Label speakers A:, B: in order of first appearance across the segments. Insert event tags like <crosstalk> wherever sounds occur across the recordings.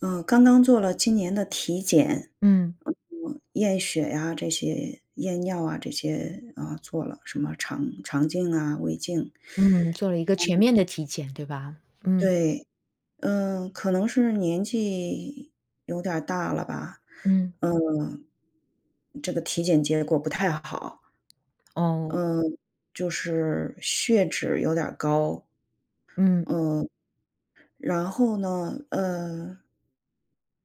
A: 呃，刚刚做了今年的体检，
B: 嗯。
A: 嗯，验血呀这些，验尿啊这些，呃，做了什么肠肠镜啊，胃镜。
B: 嗯，做了一个全面
A: 嗯。
B: 的体检，对吧？嗯
A: 对，嗯，可能是年纪有点儿大了吧，
B: 嗯。
A: 嗯，这个体检结果不太好。
B: 哦。
A: 嗯，就是血脂有点儿高。
B: 嗯。
A: 嗯，然后呢，呃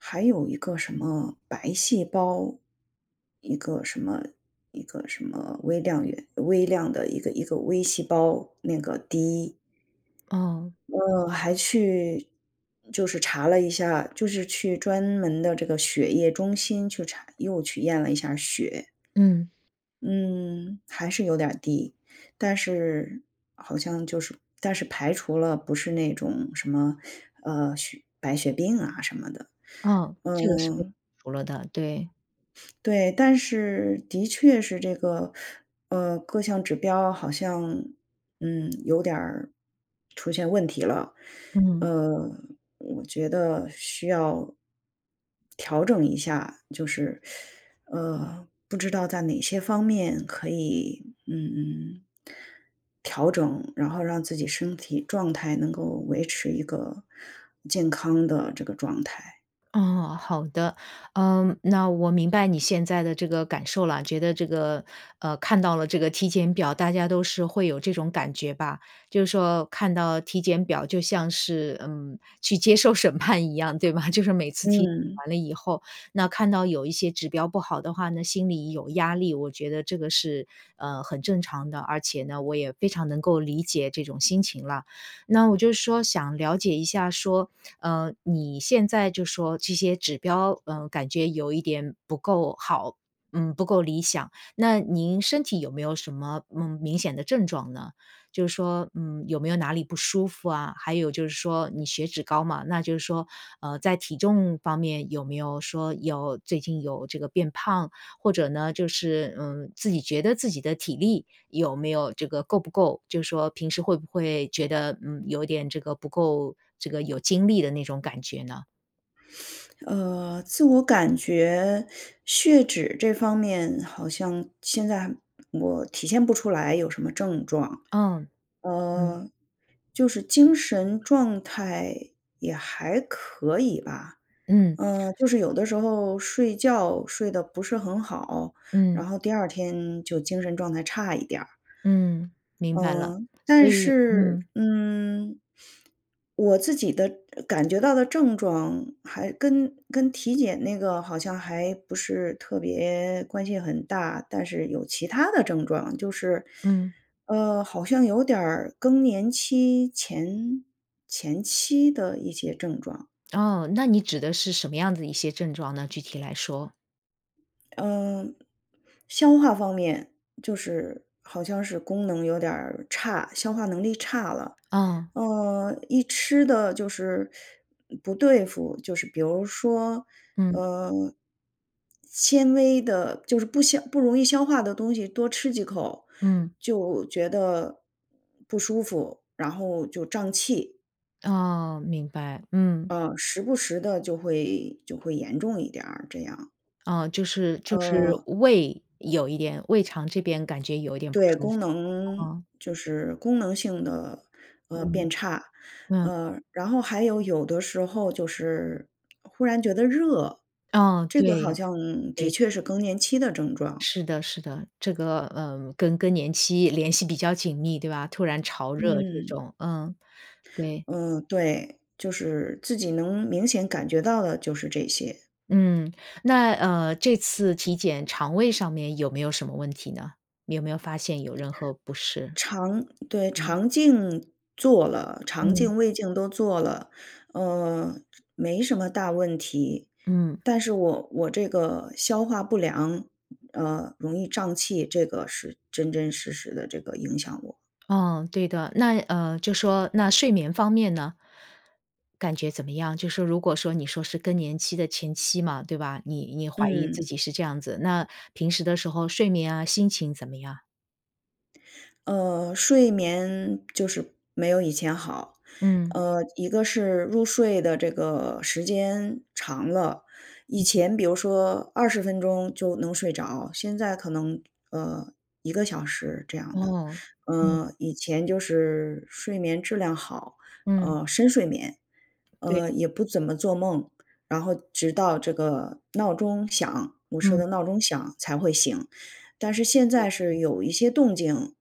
A: 还有一个什么白细胞，一个什么一个什么微量元微量的一个一个微细胞，那个低。
B: 哦。
A: 嗯，还去就是查了一下，就是去专门的这个血液中心去查又去验了一下血。
B: 嗯。
A: 嗯，还是有点低。但是，好像就是但是排除了不是那种什么，<sucks teeth> 呃，血白血病啊什么的，
B: 啊，这个是被排
A: 嗯。
B: 除了的，对。
A: 对，但是，的确是这个呃，各项指标好像，嗯，有点儿出现问题了。
B: 嗯。
A: 呃，我觉得需要调整一下，就是 <sucks teeth> 呃，不知道在哪些方面可以，嗯，调整，然后让自己身体状态，能够维持一个健康的这个状态。
B: 哦，好的。呃，那我明白你现在的这个感受了。觉得这个呃，看到了这个体检表，大家都是会有这种感觉吧。就是说，看到体检表就像是，嗯，去接受审判一样，对吧？就是每次体检
A: 嗯。
B: 完了以后，那看到有一些指标不好的话呢，心里有压力，我觉得这个是，呃，很正常的。而且呢，我也非常能够理解这种心情了。那我是就说想了解一下说，呃，你现在就说这些指标，呃，感觉有一点不够好，嗯，不够理想，那您身体有没有什么，嗯，明显的症状呢？就是说，嗯，有没有哪里不舒服啊？还有就是说，你血脂高嘛，那就是说，呃，在体重方面有没有说要最近有这个变胖，或者呢就是嗯，自己觉得自己的体力，有没有这个够不够就是说平时会不会觉得，嗯，有点这个不够这个有精力的那种感觉呢？
A: <sniffs> 呃，自我感觉血脂这方面好像现在我体现不出来有什么症状。
B: 呃，嗯。
A: 呃，就是精神状态也还可以吧，
B: 嗯。
A: 嗯，就是有的时候睡觉睡得不是很好，然
B: 嗯
A: 后第2天就精神状态差一点儿。
B: 嗯，明白了。
A: 嗯，
B: 所
A: 但
B: 以
A: 是，
B: 嗯。
A: 嗯，<sniffs> 我自己的感觉到的症状还跟跟体检那个好像还不是特别关系很大，但是有其它的症状。就是，
B: 嗯。
A: 呃，好像有点儿更年期前前期的一些症状。
B: 哦，那你指的是什么样的一些症状呢，具体来说？
A: 嗯，消化方面就是好像是功能有点儿差，消化能力差了，
B: 呃。
A: 呃，一吃得就是不对付就是比如说，
B: 嗯。
A: 呃，纤维的就是不消不容易消化的东西多吃几口
B: 嗯。
A: 就觉得不舒服，然后就胀气。
B: 哦，明白，嗯。
A: 嗯，时不时地就会就会严重一点儿，这样。
B: 啊，就是就是
A: 嗯。
B: 胃有一点胃肠这边感觉有一点不
A: 对，
B: 舒服，
A: 功能
B: 啊。
A: 就是功能性的，呃，
B: 嗯，
A: 变差。
B: 嗯。
A: 呃，然后还有有的时候，就是忽然觉得热，
B: 嗯，
A: 这个好
B: 对，
A: 像的
B: 对。
A: 确是更年期的症状。
B: 是的是的，这个，呃，跟更年期联系比较紧密，对吧，突然潮热这
A: 嗯。
B: 种，嗯，对。
A: 嗯，对，就是自己能明显感觉到的，就是这些。
B: 嗯，那，呃，这次体检肠胃上面，有没有什么问题呢？你有没有发现有任何不适？
A: 肠对，
B: 嗯。
A: 肠镜做了，肠
B: 嗯。
A: 镜、胃镜都做了，呃，这没什么大问题，
B: 嗯。
A: 但是我我这个消化不良，呃，容易胀气，这个是真真实实的这个影响我。
B: 嗯，对的，那呃，就说那睡眠方面呢？感觉怎么样？就说如果说，你说是更年期的前期嘛，对吧？你你怀疑自
A: 嗯。
B: 己是这样子，那平时的时候睡眠啊，心情怎么样？
A: 呃，睡眠就是没有以前好，
B: 嗯。
A: 呃，一个是入睡的这个时间长了，以
B: 嗯嗯。
A: 前比如说20分钟就能睡着，现在可能，呃，1个小时这样的。
B: 哦，嗯。
A: 呃，以前就是睡眠质量好，
B: 嗯。
A: 呃，深睡眠，呃，
B: 对。
A: 也不怎么做梦，然后直到这个闹钟响，我设
B: 嗯。
A: 的闹钟响才会醒，但是现在
B: 对，
A: 是
B: 嗯。
A: 有一些动静，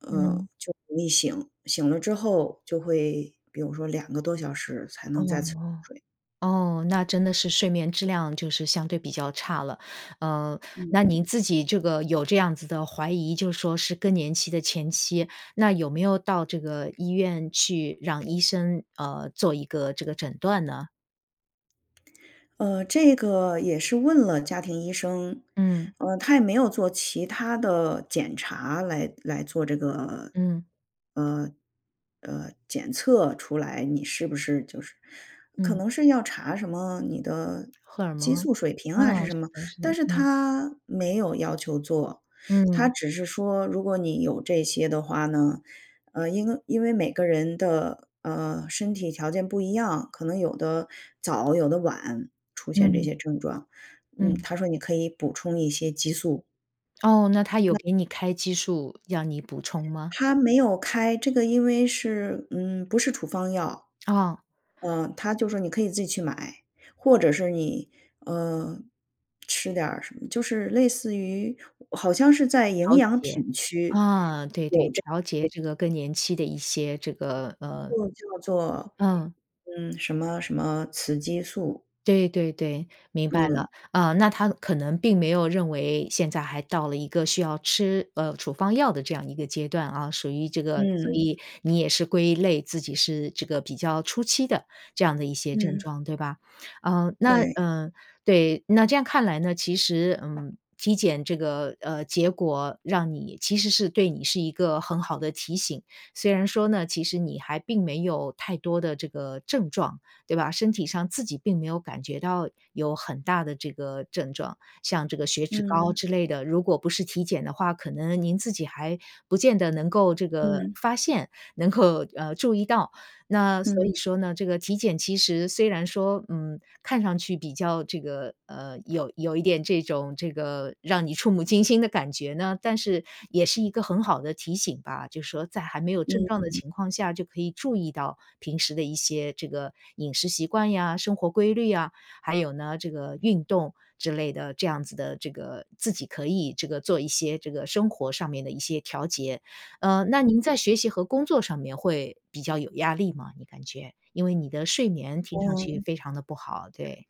A: 呃，
B: 嗯。
A: 就容易醒，醒了之后就会比如说2个多小时才
B: 哦
A: 能再次入
B: 哦。
A: 睡。
B: 哦，那真的是睡眠质量就是相对比较差了。呃，
A: 嗯
B: 那您
A: 嗯。
B: 自己这个有这样子的怀疑就说是更年期的前期，那有没有到这个医院去让医生，呃，做一个这个诊断呢？
A: 呃，这个也是问了家庭医生，
B: 嗯。
A: 呃，他也没有做其它的检查来来做这个，
B: 嗯。
A: 呃呃，检测出来你是不是就是可
B: 嗯。
A: 能是要查什么你的
B: 荷尔
A: 激
B: 蒙？
A: 素水平
B: 啊，
A: 啊还是什么。
B: 是的是
A: 但
B: 的，
A: 是
B: 嗯。
A: 他没有要求做，他
B: 嗯。
A: 只是说如果你有这些的话呢，呃，因为因为每个人的，呃，身体条件不一样，可能有的早、有的晚出现这
B: 嗯。
A: 些症状，嗯，
B: 嗯。
A: 他说你可以补充一些激素。
B: 哦，那他有
A: 那
B: 给你开激素要你补充吗？
A: 他没有开，这个因为是，嗯，不是处方药。
B: 哦。
A: 呃，他就说你可以自己去买，或者是你，呃，吃点儿什么就是类似于好像是在营
B: 调
A: 养
B: 节，
A: 品区
B: 啊，对对，
A: 有这
B: 调节
A: 个
B: 这个更年期的一些这个，呃
A: 就叫做
B: 嗯。
A: 嗯，什么什么雌激素。
B: 对对对，明白
A: 嗯。
B: 了，呃，那他可能并没有认为现在还到了一个需要吃，呃，处方药的这样一个阶段啊，属于这个所
A: 嗯。
B: 以你也是归类自己是这个比较初期的这样的一些症
A: 嗯。
B: 状，对吧？呃，那
A: 对。
B: 呃，对，那这样看来呢，其实，嗯，体检这个，呃，结果让你其实是对你是一个很好的提醒，虽然说呢，其实你还并没有太多的这个症状，对吧，身体上自己并没有感觉到有很大的这个症状，像这个血脂高
A: 嗯。
B: 之类的，如果不是体检的话，可能您自己还不见得能够这个
A: 嗯。
B: 发现，能够，呃，注意到。那所
A: 嗯。
B: 以说呢，这个体检其实虽然说，嗯，看上去比较这个，呃，有有一点这种这个让你触目惊心的感觉呢，但是也是一个很好的提醒吧，就是说在还没有症状的
A: 嗯。
B: 情况下就可以注意到平时的一些这个饮食习惯呀、生活规律啊，还有呢这个运动之类的这样子的这个，自己可以这个做一些这个生活上面的一些调节。呃，那您在学习和工作上面会比较有压力吗？你感觉，因为你的睡眠听上去
A: 哦。
B: 非常的不好，对。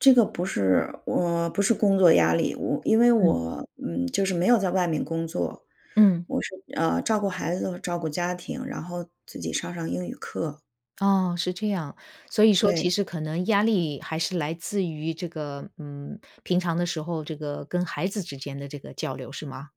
A: 这个不是我，不是工作压力。我因为
B: 嗯。
A: 我，嗯，就是没有在外面工作，
B: 嗯。
A: 我是，呃，照顾孩子和照顾家庭，然后自己上上英语课。
B: 哦，是这样。所以说其
A: 对。
B: 实可能压力还是来自于这个，嗯，平常的时候这个跟孩子之间的这个交流是吗？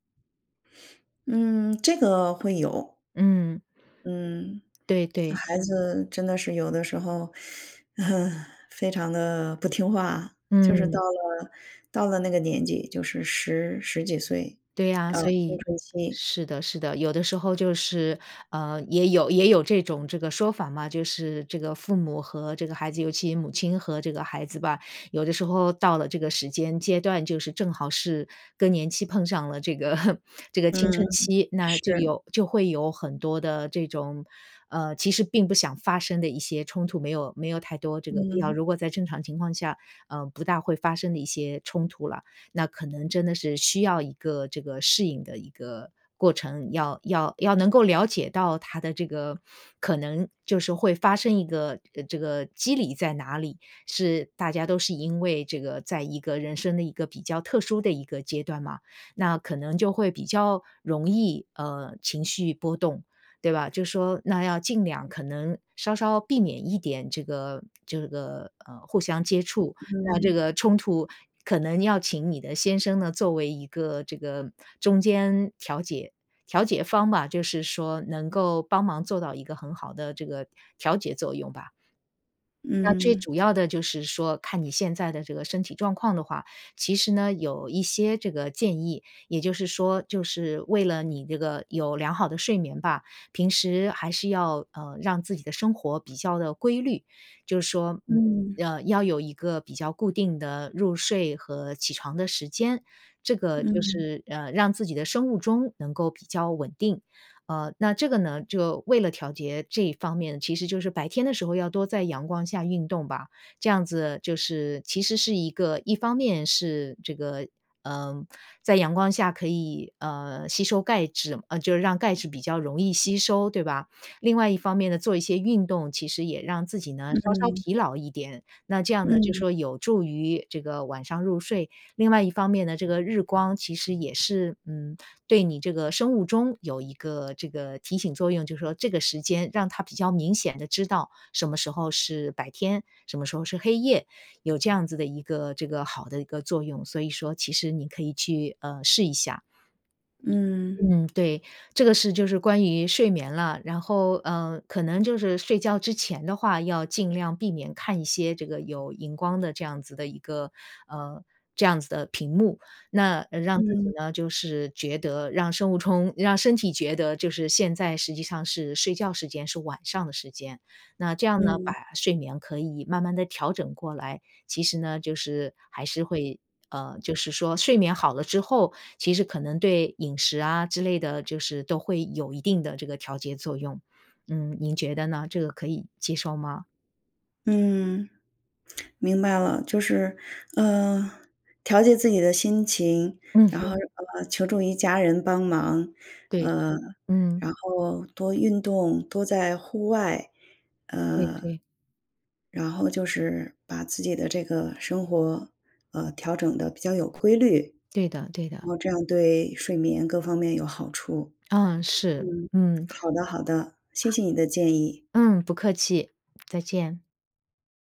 A: 嗯，这个会有。
B: 嗯。
A: 嗯。
B: 对对。
A: 孩子真的是有的时候，<sucks teeth> <laughs> 非常地不听话。就是
B: 嗯。
A: 到了到了那个年纪就是10、10几岁，
B: 对啊，
A: 呃，
B: 所
A: 青
B: 以
A: 春期。
B: 是的是的。有的时候就是，呃，也有也有这种这个说法嘛，就是这个父母和这个孩子尤其母亲和这个孩子吧，有的时候到了这个时间阶段，就是正好是更年期碰上了这个 <laughs> 这个青
A: 嗯，
B: 春期，那就
A: 是。
B: 有就会有很多的这种，呃，其实并不想发生的一些冲突没有没有太多这个必要，
A: 嗯。
B: 如果在正常情况下，呃，不大会发生的一些冲突啦。那可能真的是需要一个这个适应的一个过程。要要要能够了解到他的这个，可能就是会发生一个呃，这个机理在哪里，是大家都是因为这个在一个人生的一个比较特殊的一个阶段嘛，那可能就会比较容易，呃，情绪波动。对吧，就说那要尽量可能稍稍避免一点这个这个，呃，互相接触，那这
A: 嗯。
B: 个冲突可能要请你的先生呢作为一个这个，呃，中间调解调解方吧，就是说能够帮忙做到一个很好的这个调节作用吧。那最
A: 嗯。
B: 主要的就是说看你现在的这个身体状况的话，其实呢，有一些这个建议，也就是说就是为了你这个有良好的睡眠吧，平时还是要，嗯，让自己的生活比较的规律。就是说，嗯，
A: 嗯。
B: 呃，要有一个比较固定的入睡和起床的时间。这个就
A: 嗯。
B: 是，呃，让自己的生物钟能够比较稳定。呃，那这个呢，就为了调节这方面，其实就是白天的时候要多在阳光下运动吧，这样子就是其实是一个一方面是这个，呃，在阳光下可以，呃，吸收钙质嗯，就是让钙质比较容易吸收，对吧？另外一方面呢，做一些运动其实也让自己呢稍稍
A: 嗯。
B: 疲劳一点，那这样呢就
A: 嗯。
B: 说有助于这个晚上入睡。另外一方面呢，这个日光其实也是，嗯，对你这个生物钟有一个这个提醒作用，就是说这个时间让它比较明显的知道什么时候是白天，什么时候是黑夜，有这样子的一个这个好的一个作用，所以说其实你可以去，呃，试一下。
A: 嗯。
B: 嗯，对。这个是就是关于睡眠了，然后，呃，可能就是睡觉之前的话，要尽量避免看一些这个有荧光的这样子的一个，呃这样子的屏幕。那，呃，让自己
A: 嗯。
B: 呢就是觉得让生物钟让身体觉得就是现在实际上是睡觉时间，是晚上的时间。那这样呢，把
A: 嗯。
B: 睡眠可以慢慢的调整过来，其实呢，就是还是会呃，就是说睡眠好了之后，其实可能对饮食啊之类的，就是都会有一定的这个调节作用。嗯，您觉得呢？这个可以接受吗？
A: 嗯。明白了，就是，呃，调节自己的心情，
B: 嗯
A: 然后，
B: 哼。
A: 呃，求助于家人帮忙，
B: 对，
A: 呃，
B: 嗯。
A: 然后多运动，多在户外，
B: 对对。
A: 呃，然后就是把自己的这个生活，呃，调整的比较有规律。
B: 对的对
A: 然
B: 的。
A: 后这样对睡眠各方面有好处。
B: 嗯，是，
A: 嗯，
B: 嗯。
A: 好的好的，谢谢你的建议。
B: 嗯，不客气，再见。